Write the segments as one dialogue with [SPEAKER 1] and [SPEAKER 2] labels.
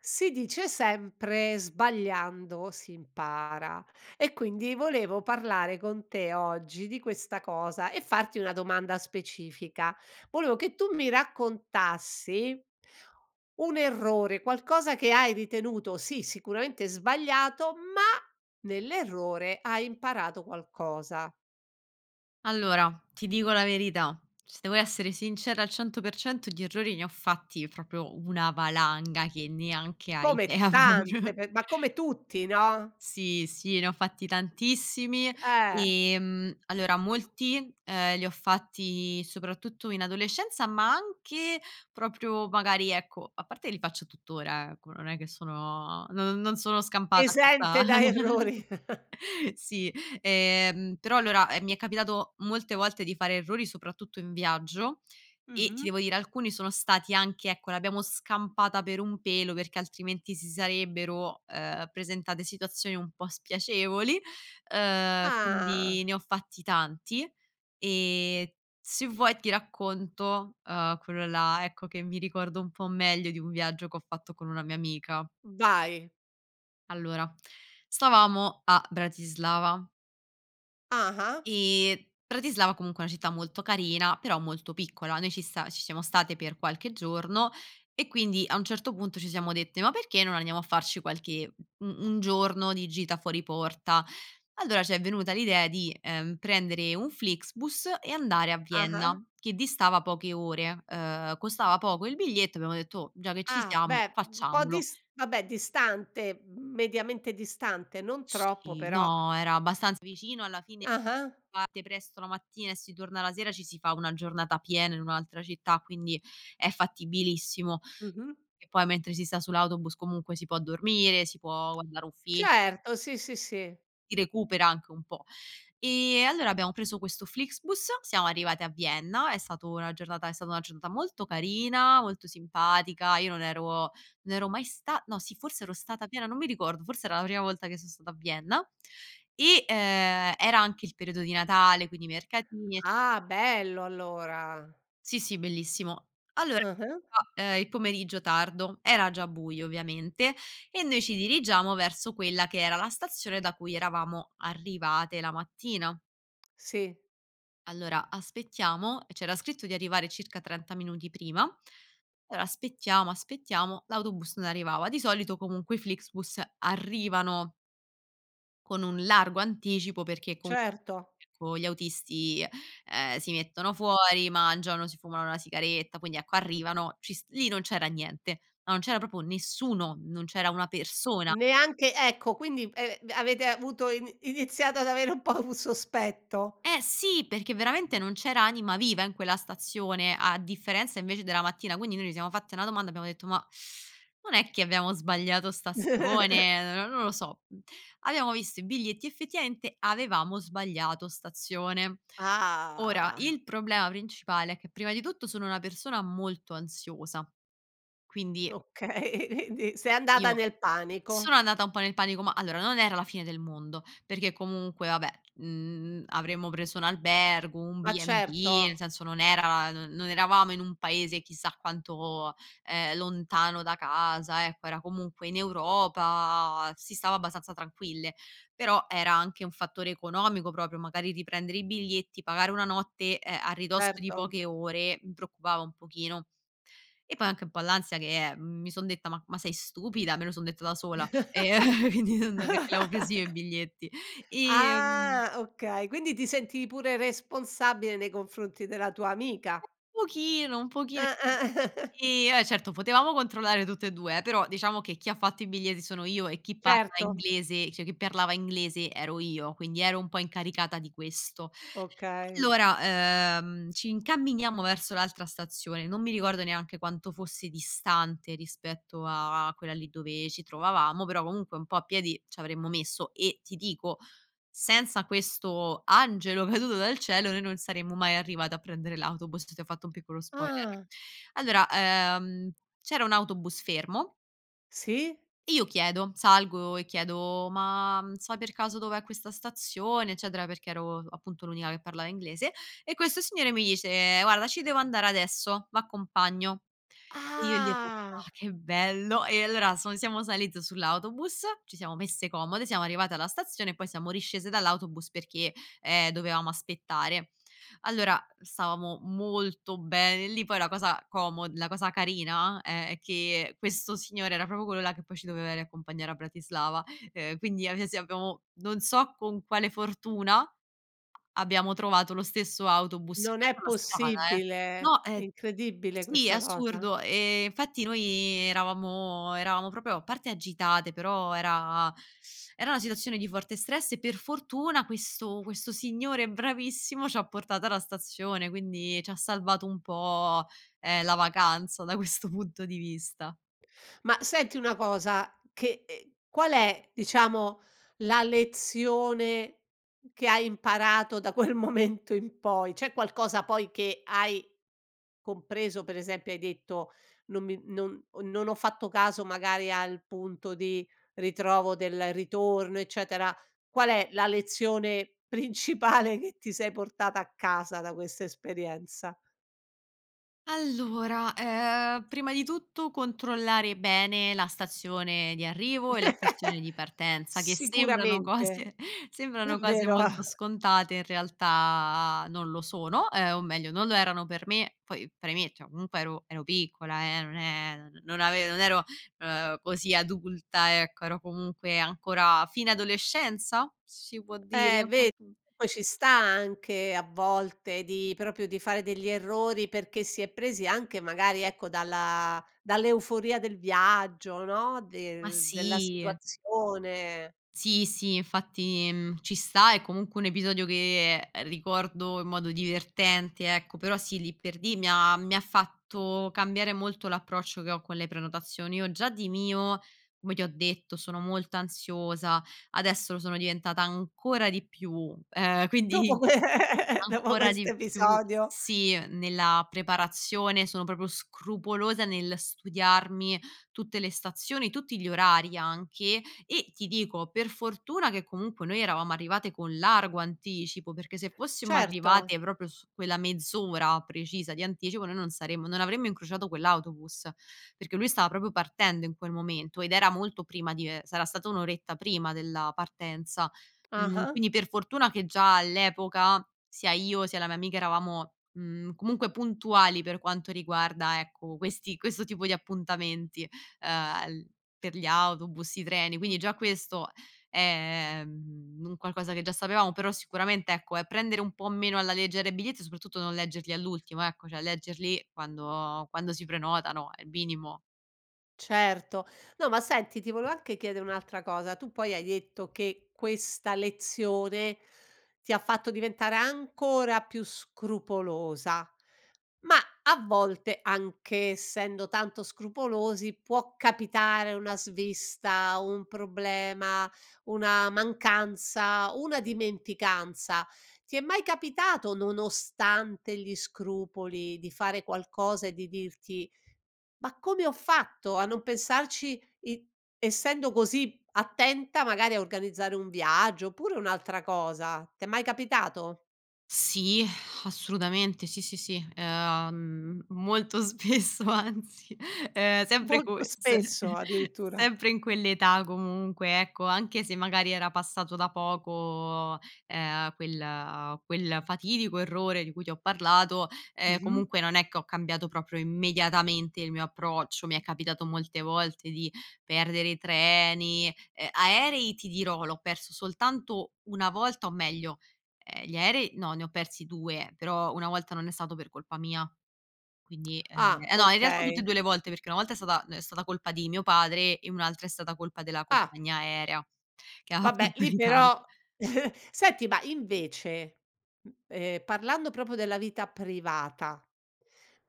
[SPEAKER 1] Si dice sempre "sbagliando si impara" e quindi volevo parlare con te oggi di questa cosa e farti una domanda specifica: volevo che tu mi raccontassi un errore, qualcosa che hai ritenuto, sì sicuramente sbagliato, ma nell'errore hai imparato qualcosa.
[SPEAKER 2] Allora, ti dico la verità, se devo essere sincera al 100% di errori ne ho fatti proprio una valanga che neanche hai
[SPEAKER 1] Come
[SPEAKER 2] idea,
[SPEAKER 1] tante
[SPEAKER 2] [unintelligible]
[SPEAKER 1] pe ma come tutti no?
[SPEAKER 2] Sì, sì ne ho fatti tantissimi.
[SPEAKER 1] Eh.
[SPEAKER 2] Ehm, allora molti, ehm, li ho fatti soprattutto in adolescenza, ma anche proprio magari ecco a parte che li faccio tuttora, ecco, non è che sono non non sono scampata a questa
[SPEAKER 1] Esente da errori.
[SPEAKER 2] sì. Ehm, però allora, ehm, mi è capitato molte volte di fare errori soprattutto in viaggio e ti
[SPEAKER 1] Mh-mh.
[SPEAKER 2] devo dire alcuni sono stati anche ecco l'abbiamo scampata per un pelo, perché altrimenti si sarebbero, ehm, presentate situazioni un po' spiacevoli, uhm, quindi
[SPEAKER 1] Ah.
[SPEAKER 2] ne ho fatti tanti. E se vuoi ti racconto, uhm, quello là, ecco, che mi ricordo un po' meglio, di un viaggio che ho fatto con una mia amica.
[SPEAKER 1] Vai.
[SPEAKER 2] Allora stavamo a Bratislava
[SPEAKER 1] Ah-ah.
[SPEAKER 2] e Bratislava comunque è una città molto carina, però molto piccola. Noi ci sta ci siamo state per qualche giorno e quindi a un certo punto ci siamo dette: "Ma perché non andiamo a farci qualche u un giorno di gita fuori porta?" Allora ci è venuta l'idea di, ehm, prendere un Flixbus e andare a Vienna
[SPEAKER 1] Ah-ah.
[SPEAKER 2] che distava poche ore, uhm, costava poco il biglietto, abbiamo detto: "Oh, già che ci
[SPEAKER 1] Ah,
[SPEAKER 2] siamo,
[SPEAKER 1] beh. Un po'
[SPEAKER 2] facciamolo."
[SPEAKER 1] dis vabbè distante, mediamente distante, non troppo
[SPEAKER 2] Sì,
[SPEAKER 1] però
[SPEAKER 2] no, era abbastanza vicino alla fine
[SPEAKER 1] Ah-ah.
[SPEAKER 2] parte presto la mattina e si torna la sera, ci si fa 1 giornata piena in un'altra città, quindi è fattibilissimo
[SPEAKER 1] Mh-mh.
[SPEAKER 2] e poi mentre si sta sull'autobus comunque si può dormire, si può guardare un film
[SPEAKER 1] Certo sì, sì, sì.
[SPEAKER 2] si recupera anche un po'. Ehm, allora abbiamo preso questo Flixbus, siamo arrivati a Vienna, è stato una giornata è stata una giornata molto carina, molto simpatica, io non ero non ero mai sta no sì forse ero stata a Vienna, non mi ricordo, forse era la prima volta che so stato a Vienna e, ehm, era anche il periodo di Natale quindi i mercatini ecc
[SPEAKER 1] Ah bello allora.
[SPEAKER 2] Sì, sì bellissimo. Allora,
[SPEAKER 1] Ah-ah.
[SPEAKER 2] ehm, il pomeriggio tardo era già buio, ovviamente, e noi ci dirigiamo verso quella che era la stazione da cui eravamo arrivate la mattina.
[SPEAKER 1] Sì.
[SPEAKER 2] Allora aspettiamo, e c'era scritto di arrivare circa 30 minuti prima. Allora aspettiamo, aspettiamo l'autobus non arrivava. Di solito comunque i Flixbus arrivano con un largo anticipo perché con
[SPEAKER 1] Certo.
[SPEAKER 2] con gli autisti, ehm, si mettono fuori, mangiano, si fumano la sigaretta, quindi ecco arrivano, ci s lì non c'era niente. Ma non c'era proprio nessuno, non c'era una persona.
[SPEAKER 1] Neanche ecco quindi, ehm, avete avuto ini iniziato ad avere un po' un sospetto.
[SPEAKER 2] Eh sì perché veramente non c'era anima viva in quella stazione, a differenza invece della mattina. Quindi noi ci siamo fatte una domanda abbiamo detto: "Ma non è che abbiamo sbagliato stazione, n non lo so." Abbiamo visto i biglietti: effettivamente avevamo sbagliato stazione. Ora
[SPEAKER 1] Ah.
[SPEAKER 2] il problema principale è che, prima di tutto, sono una persona molto ansiosa. Quindi
[SPEAKER 1] Okay. Quindi sei andata
[SPEAKER 2] io
[SPEAKER 1] nel
[SPEAKER 2] sono
[SPEAKER 1] panico.
[SPEAKER 2] andata un po' nel panico. Ma allora non era la fine del mondo, perché comunque, vabbè, mhmm, avremmo preso un albergo, un
[SPEAKER 1] Ma
[SPEAKER 2] B&B nel
[SPEAKER 1] certo.
[SPEAKER 2] senso non era non eravamo in un paese chissà quanto, ehm, lontano da casa, ecco, era comunque in Europa, si stava abbastanza tranquille; però era anche un fattore economico proprio, magari riprendere i biglietti pagare 1 notte, ehm, a ridosso di
[SPEAKER 1] Certo.
[SPEAKER 2] poche ore, mi preoccupava un pochino; e poi anche un po' l'ansia che, eh, mhmm mi son detta: "Ma ma sei stupida?" Me lo son detta da sola, ehm, quindi non perché l'avo preso io i biglietti. Ehm
[SPEAKER 1] Ah okay. Quindi ti sentivi pure responsabile nei confronti della tua amica?
[SPEAKER 2] Un pochino, un pochino,
[SPEAKER 1] Ah, ah.
[SPEAKER 2] sì. Ehm, eh certo potevamo controllare tutt'e due, eh, però diciamo che chi ha fatto i biglietti sono io e chi parla
[SPEAKER 1] Certo.
[SPEAKER 2] inglese cioè, chi parlava inglese ero io quindi ero un po' incaricata di questo.
[SPEAKER 1] Okay.
[SPEAKER 2] Allora, ehm, ci incamminiamo verso l'altra stazione, non mi ricordo neanche quanto fosse distante, rispetto a quella lì dove ci trovavamo, però comunque un po' a piedi c'avremmo messo e ti dico senza questo angelo caduto dal cielo noi non saremmo mai arrivate a prendere l'autobus, ti ho fatto un piccolo spoiler.
[SPEAKER 1] Ah.
[SPEAKER 2] Allora, uhm, c'era un autobus fermo
[SPEAKER 1] Sì.
[SPEAKER 2] io chiedo. Salgo e chiedo: "Ma sai per caso dov'è questa stazione?" Eccetera, perché ero appunto l'unica che parlava inglese e questo signore mi dice: "Guarda ci devo andare adesso, v'accompagno." E io gli ho:
[SPEAKER 1] Ah.
[SPEAKER 2] [unintelligible] "Che bello!" E allora son siamo saliti sull'autobus, ci siamo messe comode, siamo arrivate alla stazione, poi siamo riscese dall'autobus perché, ehm, dovevamo aspettare. Allora, stavamo molto bene lì, poi la cosa como la cosa carina è che questo signore era proprio quello là che poi ci doveva riaccompagnare a Bratislava, ehm, quindi abbia sì abbiamo non so con quale fortuna, a abbiamo trovato lo stesso autobus in
[SPEAKER 1] Non è
[SPEAKER 2] mezzo la strada eh.
[SPEAKER 1] possibile.
[SPEAKER 2] No,
[SPEAKER 1] È
[SPEAKER 2] è
[SPEAKER 1] incredibile
[SPEAKER 2] sì è
[SPEAKER 1] questa cosa.
[SPEAKER 2] assurdo, ehm, infatti noi eravamo eravamo proprio a parte agitate però era era una situazione di forte stress, per fortuna questo questo signore bravissimo c'ha portato alla stazione. Quindi c'ha salvato un po', ehm, la vacanza da questo punto di vista.
[SPEAKER 1] Ma senti una cosa che e qual è, diciamo, la lezione che hai imparato da quel momento in poi? C'è qualcosa poi che hai compreso, per esempio hai detto: "Non mi non o non ho fatto caso magari al punto di ritrovo del ritorno", eccetera. Qual è la lezione principale che ti sei portata a casa, da questa esperienza?
[SPEAKER 2] Allora, ehm, prima di tutto controllare bene la stazione di arrivo e la stazione di partenza che sembrano
[SPEAKER 1] Sicuramente,
[SPEAKER 2] cose sembrano cose
[SPEAKER 1] davvero.
[SPEAKER 2] molto scontate in realtà non lo sono, ehm, o meglio non lo erano per me; poi premetto, comunque ero ero piccola eh, non è non ave non ero, uhm, così adulta, ecco. Ero comunque ancora fine adolescenza? Si può dire?
[SPEAKER 1] Eh, ve
[SPEAKER 2] Oddi
[SPEAKER 1] poi ci sta anche a volte di proprio di fare degli errori perché si è presi anche magari ecco dalla dall'euforia del viaggio no,
[SPEAKER 2] Ma
[SPEAKER 1] del della
[SPEAKER 2] sì.
[SPEAKER 1] situazione.
[SPEAKER 2] Sì, sì, infatti mhmm, ci sta, è comunque un episodio che ricordo in modo divertente, ecco. Però sì, lì per lì mi ha mi ha fatto cambiare molto l'approccio che ho con le prenotazioni. Io già di mio, come ti ho detto, sono molto ansiosa. Adesso lo sono diventata ancora di più. Ehm, quindi
[SPEAKER 1] Dopo que dopo
[SPEAKER 2] ancora
[SPEAKER 1] questo
[SPEAKER 2] di più,
[SPEAKER 1] episodio.
[SPEAKER 2] sì, nella preparazione sono proprio scrupolosa nel studiarmi tutte le stazioni, tutti gli orari anche. E, ti dico, per fortuna che comunque noi eravamo arrivate con largo anticipo, perché se fossimo
[SPEAKER 1] Certo.
[SPEAKER 2] arrivate proprio su quella mezz'ora precisa di anticipo, noi non saremmo non avremmo incrociato quell'autobus. Perché lui stava proprio partendo in quel momento, ed era molto prima di ehm, sarà stata 1 oretta prima della partenza. Mhmm,
[SPEAKER 1] Ah-ah.
[SPEAKER 2] quindi per fortuna che già all'epoca sia io, sia la mia amica eravamo, mhmm, comunque puntuali per quanto riguarda ecco, questi questo tipo di appuntamenti, ehm, l per gli autobus, i treni.
[SPEAKER 1] Mh.
[SPEAKER 2] Quindi già questo è mhmm, un qualcosa che già sapevamo, però sicuramente, ecco, è prendere un po' meno alla leggera i biglietti e soprattutto non leggerli all'ultimo ecco, cioè leggerli quando quando si prenotano, è il minimo.
[SPEAKER 1] Certo. No ma senti ti volevo anche chiedere un'altra cosa: tu poi hai detto che questa lezione ti ha fatto diventare ancora più scrupolosa ma a volte anche, essendo tanto scrupolosi, può capitare una svista, un problema, una mancanza, una dimenticanza. Ti è mai capitato, nonostante gli scrupoli, di fare qualcosa e di dirti: "Ma come ho fatto a non pensarci i essendo così attenta magari a organizzare un viaggio oppure un'altra cosa? T'è mai capitato?
[SPEAKER 2] Sì assolutamente. Sì, sì, sì, uhm, molto spesso anzi, ehm, sempre
[SPEAKER 1] Molto
[SPEAKER 2] corse,
[SPEAKER 1] spesso, addirittura.
[SPEAKER 2] sempre in quell'età comunque, ecco, anche se magari era passato da poco, ehm, quel quel fatidico errore di cui ti ho parlato, ehm,
[SPEAKER 1] Mh-mh.
[SPEAKER 2] comunque non è che ho cambiato proprio immediatamente il mio approccio. Mi è capitato molte volte di perdere i treni, e aerei, ti dirò, l'ho perso soltanto 1 volta o meglio ehm, gli aerei no, ne ho persi 2 però 1 volta non è stato per colpa mia. Quindi, ehm
[SPEAKER 1] Ah,
[SPEAKER 2] eh no, in realtà tutte e
[SPEAKER 1] okay.
[SPEAKER 2] 2 le volte perché 1 volta è stata ehm, è stata colpa di mio padre e 1 altra è stata colpa della
[SPEAKER 1] Ah.
[SPEAKER 2] compagnia aerea che ha fatto
[SPEAKER 1] Vabbè lì
[SPEAKER 2] ritardo.
[SPEAKER 1] però senti ma invece, m ehm, parlando proprio della vita privata,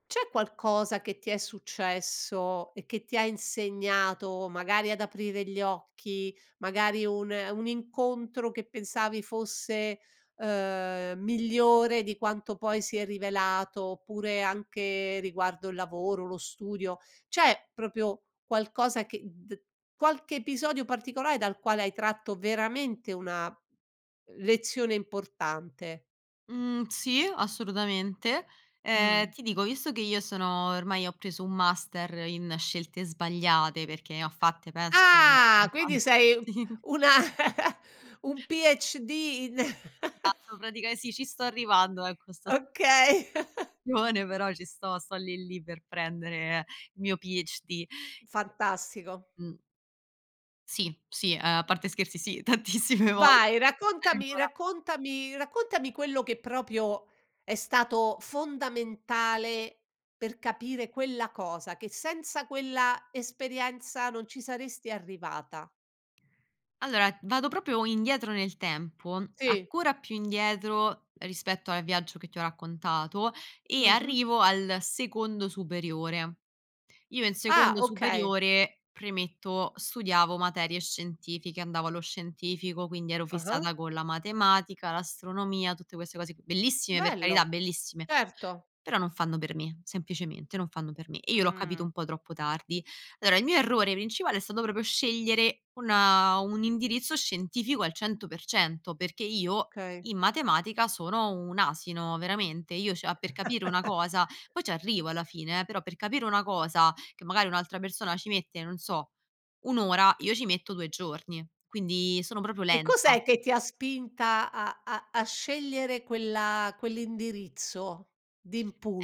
[SPEAKER 1] c'è qualcosa che ti è successo e che ti ha insegnato magari ad aprire gli occhi, magari un un incontro che pensavi fosse, uhm, migliore di quanto poi si è rivelato, oppure anche riguardo il lavoro, lo studio: c'è proprio qualcosa che d qualche episodio particolare dal quale hai tratto veramente una lezione importante?
[SPEAKER 2] Mhmm, sì assolutamente. Ehm,
[SPEAKER 1] Mh.
[SPEAKER 2] ti dico, visto che io sono ormai ho preso un master in scelte sbagliate perché ne ho fatte, penso.
[SPEAKER 1] Ah! Quindi
[SPEAKER 2] [unintelligible]
[SPEAKER 1] sei una un PhD! ne
[SPEAKER 2] A [unintelligible] praticamen sì, ci sto arrivando ecco, sto
[SPEAKER 1] Okay.
[SPEAKER 2] [unintelligible] però ci sto. Sto lì lì per prendere il mio PhD.
[SPEAKER 1] Fantastico.
[SPEAKER 2] Mh. Sì, sì, a parte scherzi sì, tantissime volte.
[SPEAKER 1] Vai raccontami
[SPEAKER 2] Allora
[SPEAKER 1] raccontami raccontami quello che proprio è stato fondamentale per capire quella cosa, che senza quella esperienza non ci saresti arrivata.
[SPEAKER 2] Allora, vado proprio indietro nel tempo,
[SPEAKER 1] Sì.
[SPEAKER 2] ancora più indietro rispetto al viaggio che ti ho raccontato e
[SPEAKER 1] Mh-mh.
[SPEAKER 2] arrivo al secondo superiore. Io, in
[SPEAKER 1] Ah,
[SPEAKER 2] secondo
[SPEAKER 1] okay.
[SPEAKER 2] superiore, premetto, studiavo materie scientifiche, andavo allo scientifico. Quindi ero
[SPEAKER 1] Ah-ah.
[SPEAKER 2] fissata con la matematica, l'astronomia, tutte queste cose, bellissime per carità,
[SPEAKER 1] Bello,
[SPEAKER 2] bellissime,
[SPEAKER 1] certo.
[SPEAKER 2] però non fanno per me, semplicemente non fanno per me e io l'ho capito
[SPEAKER 1] Mh.
[SPEAKER 2] un po' troppo tardi. Allora, il mio errore principale è stato proprio scegliere una un indirizzo scientifico al 100 %, perché io
[SPEAKER 1] Okay.
[SPEAKER 2] in matematica sono un asino, veramente. Io cioè a per capire una cosa poi ci arrivo alla fine eh, però per capire una cosa che magari un'altra persona ci mette, non so, 1 ora io ci metto 2 giorni, quindi sono proprio
[SPEAKER 1] E
[SPEAKER 2] lenta.
[SPEAKER 1] cos'è che ti ha spinta a a a scegliere quella quell'indirizzo,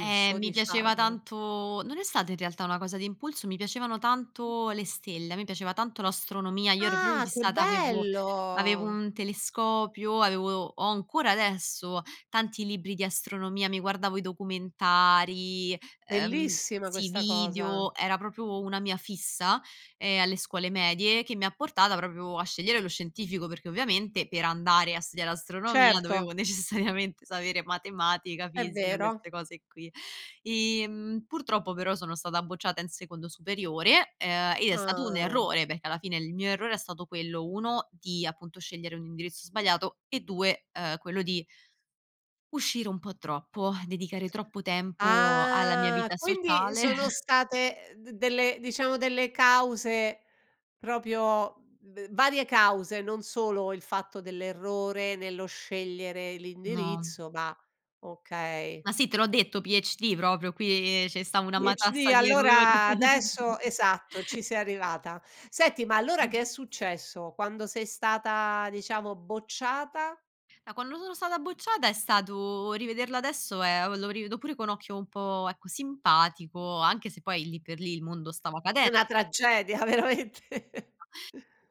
[SPEAKER 2] Eh, mi piaceva
[SPEAKER 1] diciamo?
[SPEAKER 2] tanto non è stata in realtà una cosa di impulso, mi piacevano tanto le stelle, a me piaceva tanto l'astronomia, io ero proprio
[SPEAKER 1] Ah che
[SPEAKER 2] fissata, avevo avevo
[SPEAKER 1] bello!
[SPEAKER 2] un telescopio, avevo ho ancora adesso tanti libri di astronomia, mi guardavo i documentari, ehm
[SPEAKER 1] Bellissima
[SPEAKER 2] sì, i
[SPEAKER 1] questa cosa.
[SPEAKER 2] video, era proprio una mia fissa, ehm, alle scuole medie, che mi ha portata proprio a scegliere lo scientifico. Perché ovviamente per andare a studiare astronomia
[SPEAKER 1] Certo.
[SPEAKER 2] dovevo necessariamente sapere matematica,
[SPEAKER 1] È
[SPEAKER 2] fisica,
[SPEAKER 1] vero.
[SPEAKER 2] queste cose qui. Ehm, purtroppo però sono stata bocciata in secondo superiore ehm e è stato un
[SPEAKER 1] Ah.
[SPEAKER 2] errore, perché alla fine il mio errore è stato quello: 1 di appunto scegliere un indirizzo sbagliato e 2, uhm, quello di uscire un po' troppo, dedicare troppo tempo alla mia
[SPEAKER 1] Ah,
[SPEAKER 2] vita
[SPEAKER 1] quindi
[SPEAKER 2] sociale.
[SPEAKER 1] sono state d delle diciamo, delle cause proprio v varie cause, non solo il fatto dell'errore nello scegliere
[SPEAKER 2] No.
[SPEAKER 1] l'indirizzo ma okay.
[SPEAKER 2] Ma sì te l'ho detto PhD proprio qui, ehm, 'ce sta una
[SPEAKER 1] PhD
[SPEAKER 2] matassa di errori
[SPEAKER 1] allora adesso esatto, ci sei arrivata. Senti ma allora che è successo quando sei stata, diciamo, bocciata?
[SPEAKER 2] Da quando sono stata bocciata è stato rivederlo adesso è o lo rivedo pure con occhio un po', ecco, simpatico, anche se poi lì per lì il mondo stava cade
[SPEAKER 1] Una tragedia veramente.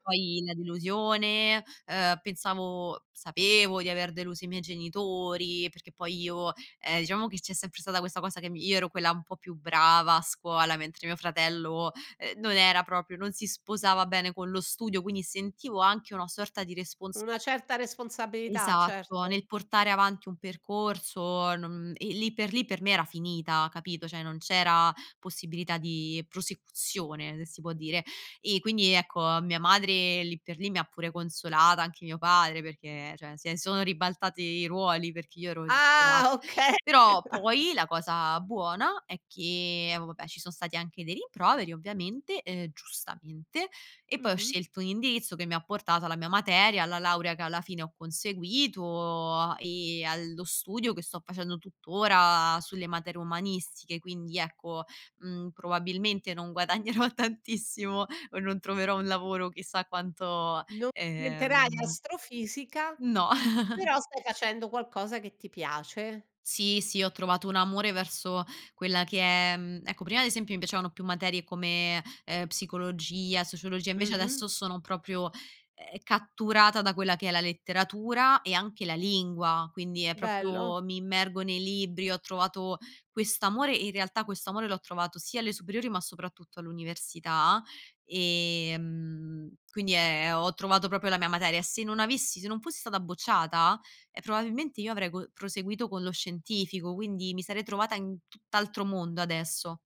[SPEAKER 2] Poi la delusione, uhm, pensavo sapevo di aver deluso i miei genitori, perché poi io, ehm, diciamo che c'è sempre stata questa cosa che mi io ero quella un po' più brava a scuola, mentre mio fratello, ehm, non era proprio non si sposava bene con lo studio, quindi sentivo anche una sorta di respons
[SPEAKER 1] Una certa responsabilità,
[SPEAKER 2] Esatto,
[SPEAKER 1] certo.
[SPEAKER 2] nel portare avanti un percorso, non e lì per lì per me era finita capito, cioè non c'era possibilità di prosecuzione, se si può dire. E quindi, ecco, mia madre lì per lì mi ha pure consolata, anche mio padre perché cioè, se sono ribaltati i ruoli perché io ero
[SPEAKER 1] Ah
[SPEAKER 2] disperata.
[SPEAKER 1] okay.
[SPEAKER 2] Però poi la cosa buona è che, vabbè, ci son stati anche dei rimproveri, ovviamente, ehm, giustamente e poi ho
[SPEAKER 1] Mh-mh.
[SPEAKER 2] scelto un indirizzo che mi ha portato alla mia materia, alla laurea che alla fine ho conseguito a e allo studio che sto facendo tutt'ora sulle materie umanistiche. Quindi ecco, mhmm, probabilmente non guadagnerò tantissimo o non troverò un lavoro chissà quanto
[SPEAKER 1] Non diventerai
[SPEAKER 2] ehm
[SPEAKER 1] astrofisica,
[SPEAKER 2] No.
[SPEAKER 1] però stai facendo qualcosa che ti piace.
[SPEAKER 2] Sì, sì, ho trovato un amore verso quella che è mhmm, ecco prima ad esempio mi piacevano più materie come ehm, psicologia, sociologia, invece
[SPEAKER 1] Mh-mh.
[SPEAKER 2] adesso sono proprio, ehm, catturata da quella che è la letteratura e anche la lingua. Quindi è
[SPEAKER 1] Bello.
[SPEAKER 2] proprio mi immergo nei libri, ho trovato quest'amore in realtà questo amore l'ho trovato sia alle superiori, ma soprattutto all'università. Ehm, quindi è ho trovato proprio la mia materia. Se non avessi se non fossi stata bocciata, e probabilmente io avrei co proseguito con lo scientifico, quindi mi sarei trovata in tutt'altro mondo adesso.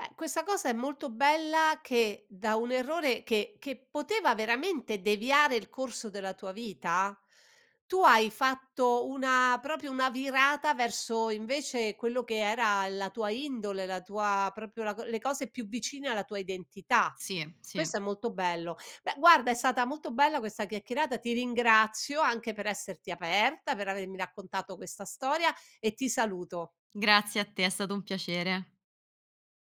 [SPEAKER 1] Eh, questa cosa è molto bella che da un errore che che poteva veramente deviare il corso della tua vita, tu hai fatto una proprio una virata verso invece quello che era la tua indole, la tua proprio la co le cose più vicine alla tua identità.
[SPEAKER 2] Sì, sì.
[SPEAKER 1] Questo è molto bello. Beh, guarda, è stata molto bella questa chiacchierata, ti ringrazio anche per esserti aperta, per avermi raccontato questa storia e ti saluto.
[SPEAKER 2] Grazie a te, è stato un piacere.